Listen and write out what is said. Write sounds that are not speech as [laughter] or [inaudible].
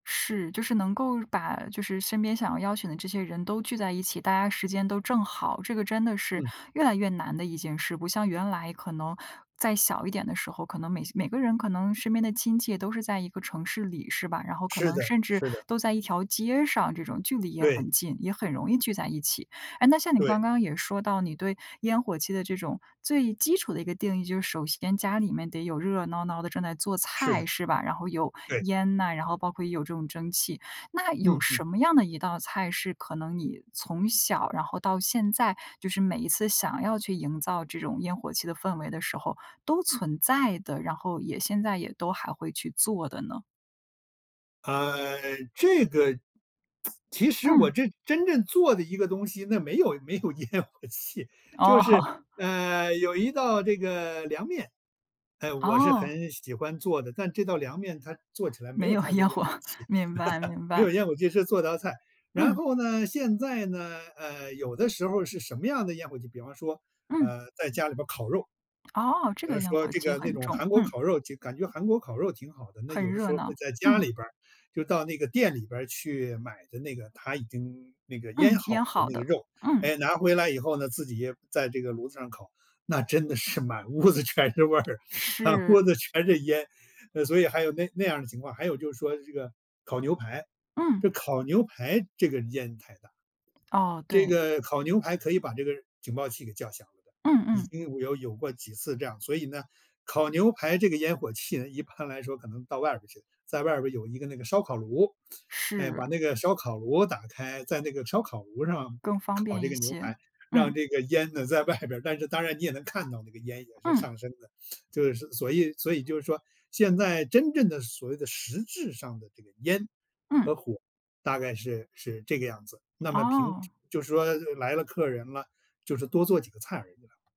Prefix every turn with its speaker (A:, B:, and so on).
A: 是，就是能够把就是身边想要邀请的这些人都聚在一起，大家时间都正好，这个真的是
B: 嗯。
A: 越来越难的一件事，不像原来可能在小一点的时候，可能每些每个人可能身边的亲戚都是在一个城市里，是吧？然后可
B: 是
A: 能
B: 的，
A: 甚至
B: 是的。
A: 都在一条街上这种，距离也
B: 对。
A: 很近，也很容易聚在一起。诶，那像你
B: 对。
A: 刚刚也说到你对烟火气的这种最基础的一个定义，就是首先家里面得有热热闹闹地正在做
B: 是
A: 菜，
B: 的。
A: 是吧？然后有
B: 对。
A: 烟呐，然后包括有这种蒸汽，那
B: 嗯，
A: 有
B: 嗯。
A: 什么样的一道菜是可能你从小然后到现在，就是每一次想要去营造这种烟火气的氛围的时候都存在的，然后也现在也都还会去做的呢？
B: 啊，这个，[smacks lips] 其实我
A: 嗯。
B: 这真正做的一个东西，那没有没有烟火气，就
A: 哦。
B: 是，
A: [chuckles]
B: 呃，有一道这个凉面，嗯，我是
A: 哦。
B: 很喜欢做的，但这道凉面它做起来没
A: 没
B: 有
A: 有
B: 太多
A: 烟
B: 烟
A: 火，
B: 火气，
A: 明白明
B: [laughs] 没
A: 白。
B: 有烟火气，是做道菜。然
A: 嗯。
B: 后呢现在呢，呃，有的时候儿是什么样的烟火气，比方说，
A: 嗯。
B: 呃，在家里边儿烤肉，
A: 哦，这
B: 比
A: 个
B: 方
A: 烟
B: 说
A: 火
B: 这
A: 气
B: 个那
A: 很
B: 种
A: 重，
B: 韩国
A: 嗯。
B: 烤肉就感觉韩国烤肉挺好的。那
A: 很
B: 有的
A: 热
B: 时候儿
A: 闹，
B: 会在家
A: 嗯。
B: 里边儿就到那个店里边儿去买的那个，它已经那个腌
A: 嗯，
B: 好
A: 腌
B: 的
A: 好
B: 那个
A: 的，
B: 肉，
A: 嗯。
B: 诶，拿回来以后呢，自己在这个炉子上烤，那真的是满屋子全是味儿，满
A: 是。
B: 屋子全是烟，呃，所以还有那那样儿的情况，还有就是说这个烤牛排，
A: 嗯。
B: 这烤牛排这个烟太大。
A: 哦，
B: 这
A: 对。
B: 个烤牛排可以把这个警报器给叫响了的，
A: 嗯
B: 已
A: 嗯。
B: 经有有过几次这样，所以呢，烤牛排这个烟火气呢，一般来说可能到外边儿去，在外边儿有一个那个烧烤炉，哎，把
A: 是。
B: 那个烧烤炉打开，在那个烧烤炉上
A: 更方
B: 烤
A: 便
B: 这
A: 一
B: 个牛
A: 些，
B: 排，让
A: 嗯。
B: 这个烟呢在外边儿，但是当然你也能看到那个烟也是
A: 嗯。
B: 上升的。就是所以所以就是说现在真正的所谓的实质上的这个烟
A: 嗯。
B: 和火，大概是是这个样子，那么平时
A: 哦。
B: 就说，呃，来了客人了，就是多做几个菜而已啦。